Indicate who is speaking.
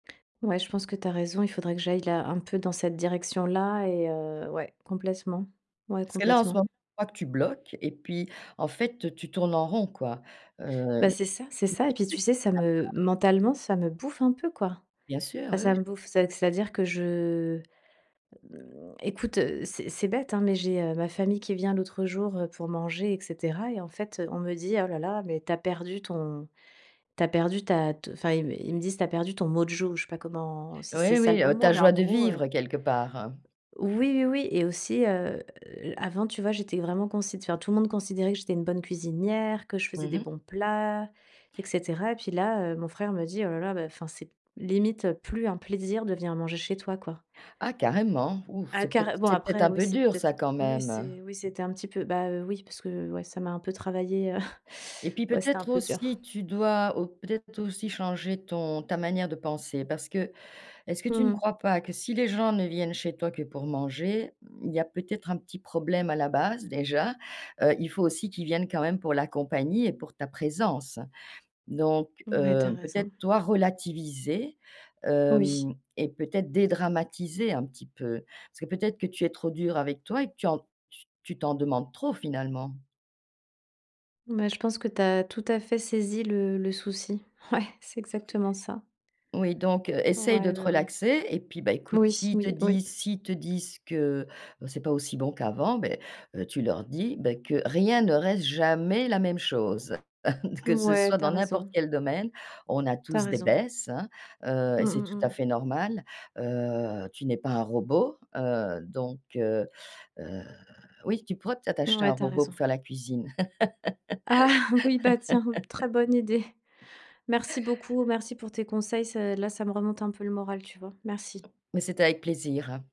Speaker 1: Ouais, je pense que tu as raison. Il faudrait que j'aille là, un peu dans cette direction-là et heu, ouais, complètement. Ouais,
Speaker 2: Parce que là, en ce
Speaker 1: complètement.
Speaker 2: mom [unintelligible] tu bloques et puis en fait, tu tournes en rond, quoi.
Speaker 1: Bah,
Speaker 2: Heu,
Speaker 1: c'est ça, c'est ça. Et puis tu sais, ça me
Speaker 2: [unintelligible]
Speaker 1: mentalement, ça me bouffe un peu, quoi.
Speaker 2: Bien sûr,
Speaker 1: Bah,
Speaker 2: oui, oui.
Speaker 1: ça me bouffe, c'est à c'est-à-dire que je, hem écoute, c'est c'est bête hein, mais j'ai ma famille qui vient l'autre jour, heu, pour manger et cetera. Et en fait, on me dit: «Oh là, là, mais tu as perdu ton tu as perdu ta te», enfin, ils ils me disent: «Tu as perdu ton mojo». Je sais pas comment si c'est
Speaker 2: Oui,
Speaker 1: ça le
Speaker 2: oui,
Speaker 1: bon
Speaker 2: heu,
Speaker 1: mot,
Speaker 2: ta
Speaker 1: mais en
Speaker 2: joie de
Speaker 1: gros, heu
Speaker 2: vivre, quelque part.
Speaker 1: Oui, oui, et aussi, heu, avant, tu vois, j'étais vraiment, consi enfin tout le monde considérait que j'étais une bonne cuisinière, que je faisais
Speaker 2: Mmh
Speaker 1: des
Speaker 2: mh.
Speaker 1: bons plats, et cetera et puis là, heu, mon frère me dit: «Oh là, là, bah, enfin, c'est limite plus un plaisir de venir manger chez toi, quoi».
Speaker 2: Ah carrément, ouh,
Speaker 1: Ah
Speaker 2: c'est peut-être
Speaker 1: carrem bon
Speaker 2: c'est peut etre
Speaker 1: après,
Speaker 2: un
Speaker 1: oui,
Speaker 2: peu
Speaker 1: c'est
Speaker 2: dur
Speaker 1: peut-être,
Speaker 2: ça quand
Speaker 1: oui,
Speaker 2: même, hein.
Speaker 1: c'est oui, c'était un petit peu, bah heu, oui, parce que ouais ça m'a un peu travaillé.
Speaker 2: Et puis
Speaker 1: Ouais, c'était un
Speaker 2: peut-être
Speaker 1: peu dur.
Speaker 2: aussi, tu dois ou peut-être aussi changer ton ta manière de penser. Parce que est-ce que
Speaker 1: Mmh
Speaker 2: tu ne
Speaker 1: mh.
Speaker 2: crois pas que si les gens ne viennent chez toi que pour manger, mmh, il y a peut-être un petit problème à la base? Déjà, heu, il faut aussi qu'ils viennent quand même pour la compagnie et pour ta présence. Donc,
Speaker 1: Ouais, tu
Speaker 2: heu,
Speaker 1: as raison.
Speaker 2: peut-être toi, relativiser.
Speaker 1: Oui.
Speaker 2: Hem et peut-être dédramatiser un petit peu. Parce que peut-être que tu es trop dure avec toi et que tu en tu tu t'en demandes trop finalement.
Speaker 1: Bah, je pense que tu as tout à fait saisi le le souci. Ouais, c'est exactement ça.
Speaker 2: Oui, donc essaye de
Speaker 1: Ouais,
Speaker 2: te
Speaker 1: ouais, ouais.
Speaker 2: relaxer et puis, bah, écoute
Speaker 1: Oui,
Speaker 2: s'ils te
Speaker 1: oui, oui.
Speaker 2: disent s'ils te disent que c'est pas aussi bon qu'avant, bah, heu tu leur dis: «Bah, que rien ne reste jamais la même chose», que ce
Speaker 1: Ouais,
Speaker 2: soit
Speaker 1: tu as
Speaker 2: dans n'importe
Speaker 1: raison.
Speaker 2: quel domaine, on a
Speaker 1: Tu as
Speaker 2: tous des
Speaker 1: raison.
Speaker 2: baisses, hein, heu, et
Speaker 1: Mmh,
Speaker 2: c'est
Speaker 1: mmh
Speaker 2: tout à
Speaker 1: mh.
Speaker 2: fait normal. Heu, tu n'es pas un robot, heu, donc, heu heu, oui tu pourrais peut-être acheter
Speaker 1: Ouais,
Speaker 2: un
Speaker 1: tu as
Speaker 2: robot
Speaker 1: raison.
Speaker 2: pour faire la cuisine.
Speaker 1: Ah oui, bah, tiens, très bonne idée. Merci beaucoup, merci pour tes conseils. C'est là, ça me remonte un peu le moral, tu vois? Merci.
Speaker 2: Mais c'était avec plaisir.